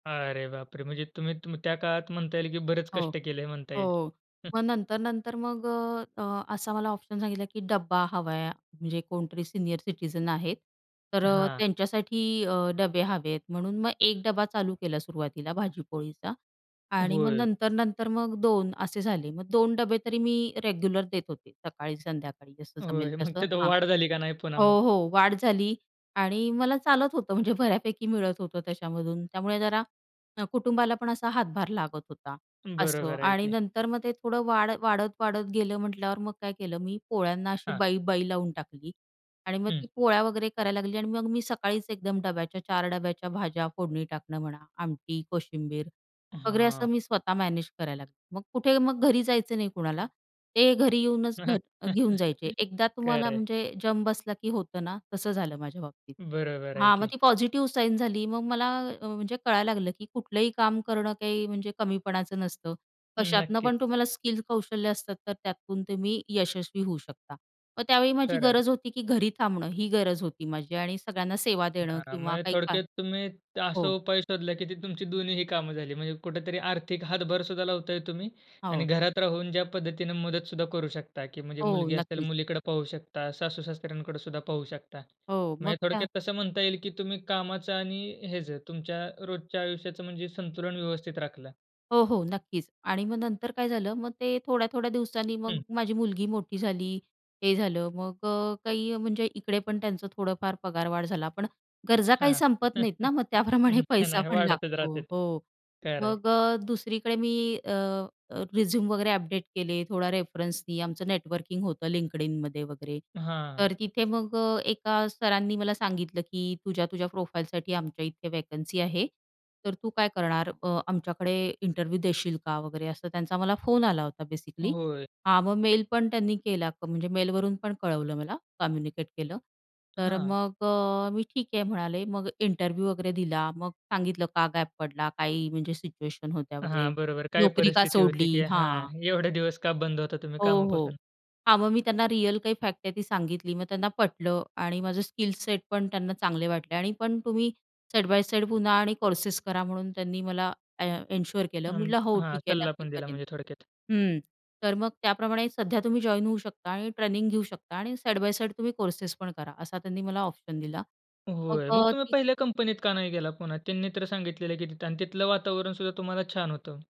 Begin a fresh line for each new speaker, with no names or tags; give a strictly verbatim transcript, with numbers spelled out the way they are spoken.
अरे बापरे म्हणजे तुम्ही तुम्ही त्या काळात म्हणता येईल की बरेच
हो.
कष्ट केलंय म्हणता येईल.
हो. मग नंतर-नंतर मग अ, अ, असा मला ऑप्शन सांगितला की डब्बा हवा आहे, म्हणजे कोणतरी सीनियर सिटीझन आहेत. तर अ,
हां.
त्यांच्यासाठी अ, डबे हवे आहेत म्हणून मग एक डब्बा चालू केला सुरवातीला भाजीपोळीचा. आणि मग
होय.
नंतर-नंतर मग दोन असे झाले मग दोन डबे तरी मी रेग्युलर देत होते. सकाळी, संध्याकाळी जसं जमेल
होय, मग
तसं
तिथं
हां
वाढ झाली का नाही पुन्हा
हो
मग?
हो वाढ झाली आणि मला चालत होतं म्हणजे बऱ्यापैकी मिळत होतं त्याच्यामधून त्यामुळे जरा कुटुंबाला पण असा हातभार लागत होता असं
बरोबर आहे
आणि
की.
नंतर मग ते थोडं वाढ वाढत, वाढत गेलं म्हटल्यावर मग काय केलं मी पोळ्यांना अशी
हां.
बाई-बाई लावून टाकली. आणि मग ती
हं.
पोळ्या वगैरे करायला लागली आणि मग मी सकाळीच एकदम डब्याच्या चार डब्याच्या भाज्या फोडणी टाकणं म्हणा आमटी कोशिंबीर वगैरे असं
हां.
मी स्वतः मॅनेज करायला लागले. मग कुठे मग घरी जायचं नाही कुणाला ते घरी येऊनच घर घेऊन जायचे एकदा
खरं
तुम्हाला
आहे.
म्हणजे जम बसला की होतं ना, तसं झालं माझ्या बाबतीत.
बरोबर आहे
हां मग
की.
ती पॉझिटिव्ह साईन झाली मग मला अ, म्हणजे कळायला लागलं की कुठलंही काम करणं काही म्हणजे कमीपणाचं नसतं. कशातनं
नक्कीच.
पण तुम्हाला स्किल कौशल्य असतात, तर त्यातून तुम्ही यशस्वी होऊ शकता. मग त्यावेळी माझी
खरं आहे.
गरज होती की घरी थांबणं ही गरज होती माझी आणि सगळ्यांना सेवा देणं
हां,
किंवा
म्हणजे
काही का,
थोडक्यात तुम्ही असा
हो.
उपाय शोधला की तुमची दोन्हीही कामं झाली. म्हणजे कुठेतरी आर्थिक हातभार सुद्धा लावताय तुम्ही
हां,
आणि
ओ.
घरात राहून ज्या पद्धतीने मदत सुद्धा करू शकता, की म्हणजे
हो,
मुलगी असेल
नक्कीच.
मुलीकडे पाहू शकता सासू-सासऱ्यांकडे सुद्धा पाहू शकता.
हो मग
म्हणजे
त्या
थोडक्यात तसं म्हणता येईल की तुम्ही कामाचं आणि हेच तुमच्या रोजच्या आयुष्याचं म्हणजे संतुलन व्यवस्थित राखलं.
हो, हो. नक्कीच आणि मग नंतर काय झालं मग ते थोड्या-थोड्या दिवसांनी मग
हं.
माझी मुलगी मोठी झाली हे झालं. मग अ, काही म्हणजे इकडे पण त्यांचं थोडंफार पगारवाढ झाला पण गरजा
हां,
काही
हां.
संपत नाहीत ना मग त्याप्रमाणे
नाही,
पैसा
नाही
पण
वाढतच
लागतो.
राहतेत.
हो
खरं आहे.
मग अ, दुसरीकडे मी अ, अ, रिझ्यूम वगैरे अपडेट केले थोडा रेफरन्सनी आमचं नेटवर्किंग होतं LinkedInमध्ये वगैरे
हां.
तर तिथे मग अ, एका सरांनी मला सांगितलं की तुझ्या-तुझ्या प्रोफाईलसाठी आमच्या इथे वॅकन्सी आहे. तर तू काय करणार अ, आमच्याकडे इंटरव्ह्यू देशील का वगैरे असं त्यांचा मला फोन आला होता बेसिकली.
होय.
हा मग मेल पण त्यांनी केला म्हणजे मेलवरून पण कळवलं मला कम्युनिकेट केलं. तर
हां.
मग अ, मी ठीक आहे म्हणाले मग इंटरव्ह्यू वगैरे दिला मग सांगितलं का गॅप पडला? काही म्हणजे सिच्युएशन होत्या वगैरे
हां, बरोबर काय
नोकरी का
परिस्थिती होती
सोडली?
की
हां.
हां. एवढे दिवस का बंद होता तुम्ही
हो, हो.
कामापासून?
हा मग मी त्यांना रिअल काही फॅक्ट आहे ती सांगितली मग त्यांना पटलं आणि माझं स्किल सेट पण त्यांना चांगले वाटले आणि पण तुम्ही साइड बाय साइड पुन्हा आणि कोर्सेस करा म्हणून त्यांनी मला अ, एन्श्योर केलं.
हां, म्हणजे
म्हटलं हो
हां,
ठीक आहे
सल्ला
नक्की
पण दिला
करेन.
म्हणजे थोडक्यात.
हं तर मग त्याप्रमाणे सध्या तुम्ही जॉइन होऊ शकता आणि ट्रेनिंग घेऊ शकता आणि साइड बाय साइड तुम्ही कोर्सेस पण करा असा त्यांनी मला ऑप्शन दिला.
होय, मग
मग
तुम्ही
ती.
पहिल्या कंपनीत का नाही गेला पुन्हा? त्यांनी तर सांगितलेलं की तिथे आणि तिथलं वातावरण सुद्धा तुम्हाला छान होतं.